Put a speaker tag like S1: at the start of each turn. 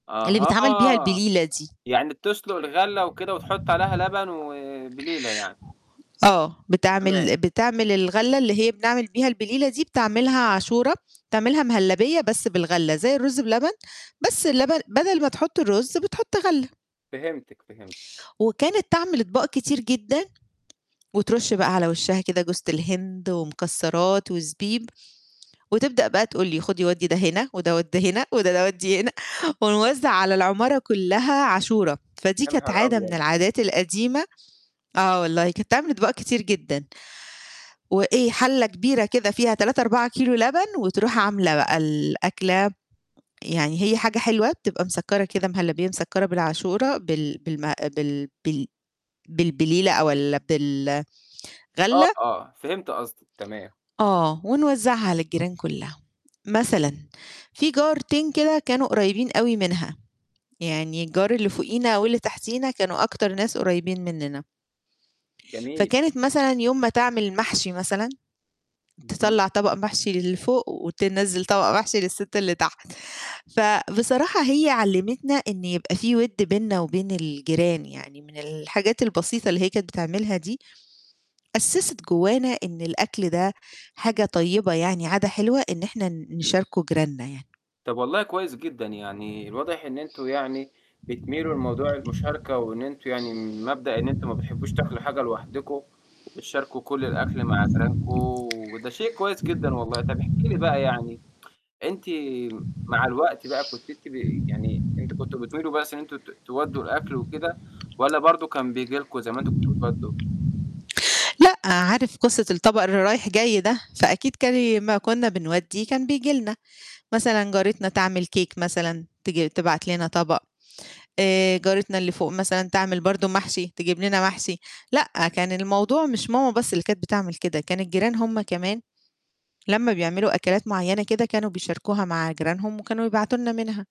S1: اللي بيتعمل بيها
S2: أها،
S1: البليلة دي.
S2: يعني بتسلُق الغلّة وكده وتحُط عليها لبن وبليلة يعني.
S1: آه. آه، بتعمل
S2: تمام.
S1: بتعمل الغلّة اللي هي بنعمل بيها البليلة دي بتعملها عاشورة، بتعملها مهلّبية بس بالغلّة زي الرُز بلبن، بس اللبن بدل ما تحُط الرُز بتحُط غلّة.
S2: فهمتِك، فهمتِك.
S1: وكانت تعمل أطباق كتير جدًا، وترُش بقى على وشّها كده جوزة الهند ومكسّرات وزبيب، وتبدأ بقى تقول لي خُدي ودِّي ده هنا وده ودِّي هنا وده ال ودي هنا ونوزّع على العمارة كلّها عاشورة. فدي
S2: يا
S1: كانت
S2: نهار
S1: عادة من
S2: أبيض!
S1: العادات القديمة، آه، والله كانت تعمل أطباق كتير جدًا، وإيه حلّة كبيرة كده فيها 3، 4 كيلو لبن وتروح عاملة بقى الأكلة، يعني هي حاجة حلوة، بتبقى مسكّرة كده مهلّبية مسكّرة بالعاشورة بال بالم بال بال بالبليلة أو ال بال
S2: آه،
S1: غلّة.
S2: آه، فهمت قصدِك، تمام.
S1: آه، ونوزّعها على الجيران كلّها. مثلًا في جارتين كده كانوا قريبين أوي منها، يعني الجار اللي فوقينا واللي تحتينا كانوا أكتر ناس قريبين منّنا.
S2: جميل.
S1: فكانت مثلًا يوم ما تعمل محشي مثلًا،
S2: اهم.
S1: تطلّع طبق محشي اللي فوق وتنزّل طبق محشي للسِت اللي تحت. فبصراحة هي علّمِتنا إن يبقى في وِد بيننا وبين الجيران يعني، من الحاجات البسيطة اللي هي كانت بتعملها دي، أسست جوّانا إن الأكل ده حاجة طيبة يعني عادة حلوة، إن إحنا ن نشاركه جيراننا يعني.
S2: طَب والله كويس جدًا، يعني الواضح إن أنتم يعني بتميلوا لموضوع المشاركة، وإن أنتم يعني مبدأ إن أنتم ما بتحبّوش تأكلوا حاجة لوحدكم وبتشاركوا كل الأكل مع جيرانكم، وده شيء كويس جدًا والله. طَب احكي لي بقى يعني أنتِ مع الوقت بقى كنتِ أنتِ بي يعني أنتم كنتم بتميلوا بس إن أنتم ت تودّوا الأكل وكده، والّا برضه كان بييجي لكم زي ما أنتم كنتم بتودّوا؟
S1: لأ، عارف قصة الطبق اللي رايح جاي ده، فأكيد كان ي ما كنّا بنودّيه كان بييجي لنا، مثلًا جارتنا تعمل cake مثلًا، تيجي تبعت لنا طبق، آآ، جارتنا اللي فوق مثلًا تعمل برضه محشي تجيب لنا محشي. لأ، كان الموضوع مش ماما بس اللي كانت بتعمل كده، كان الجيران هم كمان لمّا بيعملوا أكلات معيّنة كده كانوا بيشاركوها مع جيرانهم وكانوا يبعتوا لنا منها.